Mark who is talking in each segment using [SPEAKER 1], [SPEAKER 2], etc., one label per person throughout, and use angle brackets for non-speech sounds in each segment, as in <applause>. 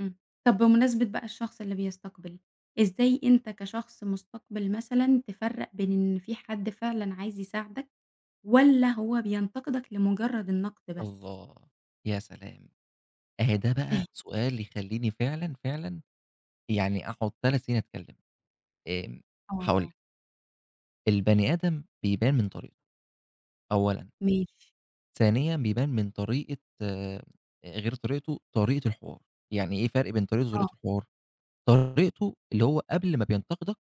[SPEAKER 1] إمم، طَب بمناسبة بقى الشخص اللي بيستقبل، إزاي أنت كشخص مُستقبِل مثلًا تفرّق بين إن في حد فعلًا عايز يساعدك، والّا هو بينتقدك لمجرد النقد بس؟
[SPEAKER 2] الله! ياسلام! أهي ده
[SPEAKER 1] <chuckles>
[SPEAKER 2] بقى سؤال يخليني فعلًا، فعلًا يعني أقعد 3 سنين أتكلم. آمم، هاقول
[SPEAKER 1] آه.
[SPEAKER 2] لِك. البني آدم بيبان من طريقته، أولًا.
[SPEAKER 1] ماشي.
[SPEAKER 2] ثانيًا، بيبان من طريقة آآ، غير طريقته، طريقة الحوار، يعني إيه فرق بين طريقته
[SPEAKER 1] آه.
[SPEAKER 2] وطريقة الحوار؟ طريقته اللي هو قبل ما بينتقدك،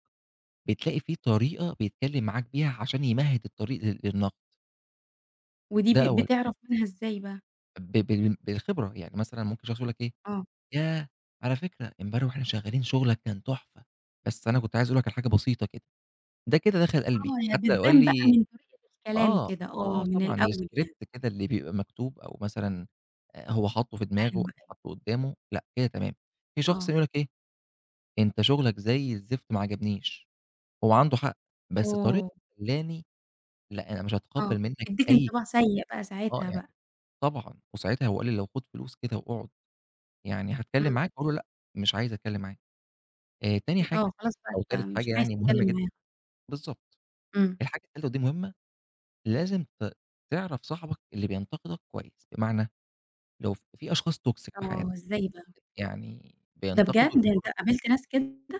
[SPEAKER 2] بتلاقي في طريقة بيتكلم معاك بيها عشان يمهد الطريق لل للنقد.
[SPEAKER 1] ودي
[SPEAKER 2] ده
[SPEAKER 1] ب
[SPEAKER 2] أولًا.
[SPEAKER 1] بتعرف منها إزاي بقى؟
[SPEAKER 2] ب بال بالخبرة، يعني مثلًا ممكن شخص يقول لك إيه،
[SPEAKER 1] آه.
[SPEAKER 2] ياه! على فكرة، امبارح وإحنا شغالين شُغلك كان تحفة، بس أنا كنت عايز أقول لك على حاجة بسيطة كده. ده كده دخل قلبي،
[SPEAKER 1] آه، هي
[SPEAKER 2] حتّى لو قال
[SPEAKER 1] بتبان بقى
[SPEAKER 2] لي
[SPEAKER 1] من طريقة الكلام
[SPEAKER 2] آه، آه،
[SPEAKER 1] كده، آه،
[SPEAKER 2] آه
[SPEAKER 1] من
[SPEAKER 2] طبعًا،
[SPEAKER 1] الأول يعني.
[SPEAKER 2] الscript كده اللي بيبقى مكتوب، أو مثلًا آآ هو حاطه في
[SPEAKER 1] أيوه
[SPEAKER 2] دماغه أو
[SPEAKER 1] أيوه
[SPEAKER 2] حاطه قدّامه، لأ كده تمام. في شخص
[SPEAKER 1] آه.
[SPEAKER 2] ييجي يقول لك إيه، أنت شُغلك زي الزفت، ما عجبنيش. هو عنده حق، بس طريقته
[SPEAKER 1] أوه!
[SPEAKER 2] خلاني لأ، أنا مش
[SPEAKER 1] آه،
[SPEAKER 2] هتقبل منّك
[SPEAKER 1] تدِّيك
[SPEAKER 2] أي
[SPEAKER 1] انطباع
[SPEAKER 2] كلمة.
[SPEAKER 1] سيئ بقى
[SPEAKER 2] آه
[SPEAKER 1] ساعتها
[SPEAKER 2] يعني
[SPEAKER 1] بقى.
[SPEAKER 2] طبعًا، وساعتها لو قال لي لو خد فلوس كده وأقعد يعني هاتكلم
[SPEAKER 1] إمم.
[SPEAKER 2] معاك، هاقول له لأ، مش عايز أتكلم معاك. آآ، تاني
[SPEAKER 1] أ آه،
[SPEAKER 2] حاجة
[SPEAKER 1] خلاص بقى
[SPEAKER 2] أو تالت
[SPEAKER 1] أنت مش
[SPEAKER 2] حاجة
[SPEAKER 1] عايز
[SPEAKER 2] يعني مُهمّة
[SPEAKER 1] تتكلم
[SPEAKER 2] جدًا
[SPEAKER 1] معاهم.
[SPEAKER 2] بالضبط،
[SPEAKER 1] إمم.
[SPEAKER 2] الحاجة التالتة ودي مهمّة، لازم ت تعرف صاحبك اللي بينتقدك كويس، بمعنى، لو في أشخاص toxic في
[SPEAKER 1] آه،
[SPEAKER 2] حياتنا،
[SPEAKER 1] ازاي بقى؟
[SPEAKER 2] يعني
[SPEAKER 1] ده
[SPEAKER 2] بينتقدوا
[SPEAKER 1] بجد! يعني أنت
[SPEAKER 2] لمجرد
[SPEAKER 1] قابلت ناس كده؟